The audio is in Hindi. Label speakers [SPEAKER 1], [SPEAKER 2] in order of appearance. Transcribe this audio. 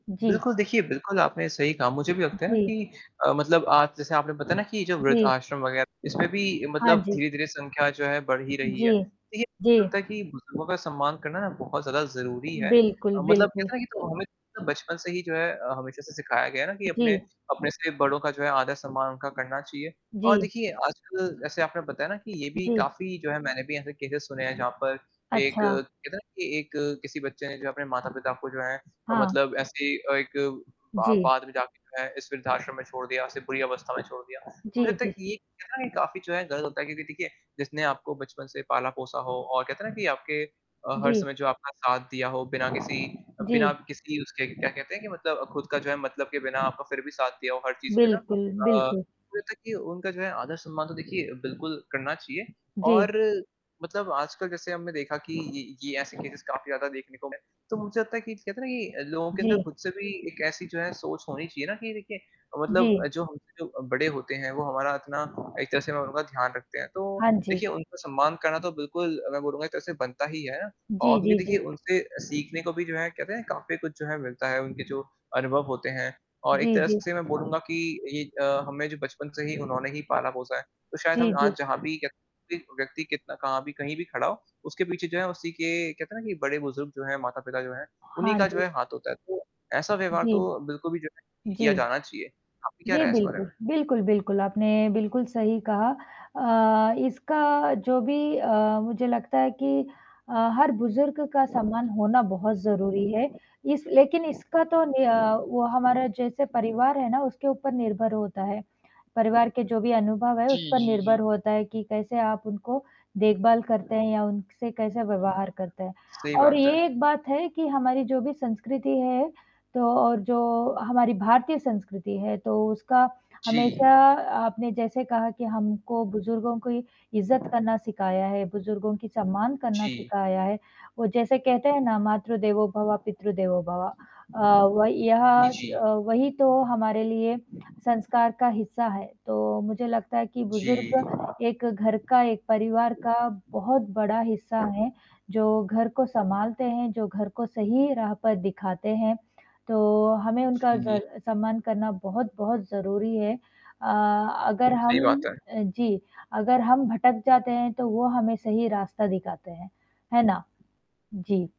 [SPEAKER 1] जी।
[SPEAKER 2] बिल्कुल देखिए, बिल्कुल आपने सही कहा मुझे भी
[SPEAKER 1] उ
[SPEAKER 2] लगता है ना,
[SPEAKER 1] जी।
[SPEAKER 2] कि अ, मतलब आज जैसे आपने बताया ना कि जो
[SPEAKER 1] जी।
[SPEAKER 2] वृद्धाश्रम वगैरह इसमें भी
[SPEAKER 1] हाँ
[SPEAKER 2] मतलब
[SPEAKER 1] जी।
[SPEAKER 2] धीरे-धीरे संख्या जो है बढ़ ही रही है।
[SPEAKER 1] जी,
[SPEAKER 2] देखिए
[SPEAKER 1] जी।
[SPEAKER 2] मुझे लगता है कि बुज़ुर्गों का सम्मान करना ना, बहुत ज़्यादा ज़रूरी है
[SPEAKER 1] बिल्कुल,
[SPEAKER 2] अ, मतलब
[SPEAKER 1] बिल्कुल।
[SPEAKER 2] कहते हैं ना कि, तो हमें बचपन से ही जो है अ, हमेशा से सिखाया गया है ना कि अपने
[SPEAKER 1] जी।
[SPEAKER 2] अपने से बड़ों का जो है आदर-सम्मान उनका करना चाहिए। और
[SPEAKER 1] जी।
[SPEAKER 2] देखिए, आजकल जैसे आपने बताया ना कि, ये भी
[SPEAKER 1] जी।
[SPEAKER 2] काफ़ी जो है मैंने भी ऐसे केसेज़ सुने हैं, जहाँ पर एक
[SPEAKER 1] अच्छा।
[SPEAKER 2] कहते हैं ना कि एक अ, किसी बच्चे ने जो अपने माता-पिता को जो है
[SPEAKER 1] हाँ।
[SPEAKER 2] मतलब ऐसे अ, एक बा
[SPEAKER 1] जी।
[SPEAKER 2] बाद में जाके जो है एक वृद्धाश्रम में छोड़ दिया या ऐसे बुरी अवस्था में छोड़ दिया। तो मुझे
[SPEAKER 1] जी,
[SPEAKER 2] लगता,
[SPEAKER 1] जी।
[SPEAKER 2] ये कहते हैं ना कि काफ़ी जो है गलत होता है क्योंकि देखिए जिसने आपको बचपन से पाला-पोसा हो और कहते हैं ना, कि आपके अ, हर
[SPEAKER 1] जी।
[SPEAKER 2] समय जो आपका साथ दिया हो बिना किसी
[SPEAKER 1] जी।
[SPEAKER 2] बिना किसी उसके क्या कहते हैं? कि मतलब खुद का जो है मतलब के बिना आपका फिर भी साथ दिया हो, हर चीज़ पे ना
[SPEAKER 1] बिल्कुल,
[SPEAKER 2] अ,
[SPEAKER 1] बिल्कुल।
[SPEAKER 2] मुझे लगता है कि उनका जो है आदर-सम्मान तो देखिए बिल्कुल करना चाहिए,
[SPEAKER 1] जी।
[SPEAKER 2] और मतलब आजकल जैसे हमने देखा कि ये ये ऐसे केसेज़ काफ़ी ज़्यादा देखने को मिले। तो मुझे लगता है कि कहते हैं ना कि लोगों के अंदर
[SPEAKER 1] जी।
[SPEAKER 2] खुद से भी एक ऐसी जो है सोच होनी चाहिए ना कि देखिए, मतलब
[SPEAKER 1] जी।
[SPEAKER 2] जो हमसे जो बड़े होते हैं वो हमारा इतना एक तरह से मैं बोलूँगा ध्यान रखते हैं, तो
[SPEAKER 1] हाँ जी।
[SPEAKER 2] देखिए उनका सम्मान करना तो बिल्कुल मैं बोलूँगा एक तरह से बनता ही है। और
[SPEAKER 1] जी,
[SPEAKER 2] क्योंकि
[SPEAKER 1] जी,
[SPEAKER 2] देखिए,
[SPEAKER 1] जी।
[SPEAKER 2] उनसे सीखने को भी जो है कहते हैं काफ़ी कुछ जो है मिलता है उनके जो अनुभव होते हैं और एक
[SPEAKER 1] जी,
[SPEAKER 2] तरह
[SPEAKER 1] जी।
[SPEAKER 2] से मैं बोलूँगा कि ये अ, हमें जो बचपन से ही उन्होंने ही पाला-पोसा है, तो शायद
[SPEAKER 1] जी,
[SPEAKER 2] हम आज
[SPEAKER 1] जी।
[SPEAKER 2] जहाँ भी कह एक व्यक्ति कितना कहाँ भी कहीं भी खड़ा हो उसके पीछे जो है उसी के कहते हैं ना कि बड़े बुज़ुर्ग जो हैं, माता-पिता जो हैं उन्हीं
[SPEAKER 1] हाँ
[SPEAKER 2] का जो
[SPEAKER 1] जी।
[SPEAKER 2] है हाथ होता है। तो ऐसा व्यवहार
[SPEAKER 1] जी।
[SPEAKER 2] तो बिल्कुल भी जो है कि किया
[SPEAKER 1] जी।
[SPEAKER 2] जाना चाहिए, आपकी क्या
[SPEAKER 1] जी,
[SPEAKER 2] राय है इस बारे
[SPEAKER 1] बिल्कुल,
[SPEAKER 2] में?
[SPEAKER 1] बिल्कुल, बिल्कुल, आपने बिल्कुल सही कहा अ, इसका जो भी अ, मुझे लगता है कि अ, हर बुज़ुर्ग का सम्मान होना बहुत ज़रूरी है, इस लेकिन इसका तो नि अ, वो हमारा जैसे परिवार है ना उसके ऊपर निर्भर होता है, परिवार के जो भी अनुभव है
[SPEAKER 2] जी,
[SPEAKER 1] उस पर
[SPEAKER 2] जी,
[SPEAKER 1] निर्भर
[SPEAKER 2] जी।
[SPEAKER 1] होता है कि कैसे आप उनको देखभाल करते हैं या उनसे कैसे व्यवहार करते हैं?
[SPEAKER 2] सही
[SPEAKER 1] और
[SPEAKER 2] बात
[SPEAKER 1] ये
[SPEAKER 2] है।
[SPEAKER 1] एक बात है कि हमारी जो भी संस्कृति है, तो और जो हमारी भारतीय संस्कृति है, तो उसका
[SPEAKER 2] जी।
[SPEAKER 1] हमेशा आपने जैसे कहा कि हमको बुज़ुर्गों की इज़्ज़त करना सिखाया है, बुज़ुर्गों की सम्मान करना
[SPEAKER 2] जी।
[SPEAKER 1] सिखाया है। वो जैसे कहते हैं ना, "मातृ देवो भव, पितृ देवो भव" अ, वही यह
[SPEAKER 2] इ जी।
[SPEAKER 1] अ, वही तो हमारे लिए संस्कार का हिस्सा है, तो मुझे लगता है कि
[SPEAKER 2] जी।
[SPEAKER 1] बुज़ुर्ग एक घर का एक परिवार का बहुत बड़ा हिस्सा हैं जो घर को सँभालते हैं जो घर को सही राह पर दिखाते हैं। तो हमें उनका
[SPEAKER 2] जी।
[SPEAKER 1] जर सम्मान करना बहुत-बहुत ज़रूरी है अ, अगर
[SPEAKER 2] सही
[SPEAKER 1] हम
[SPEAKER 2] बात है।
[SPEAKER 1] अ, जी, अगर हम भटक जाते हैं, तो वो हमें सही रास्ता दिखाते हैं, है ना? जी।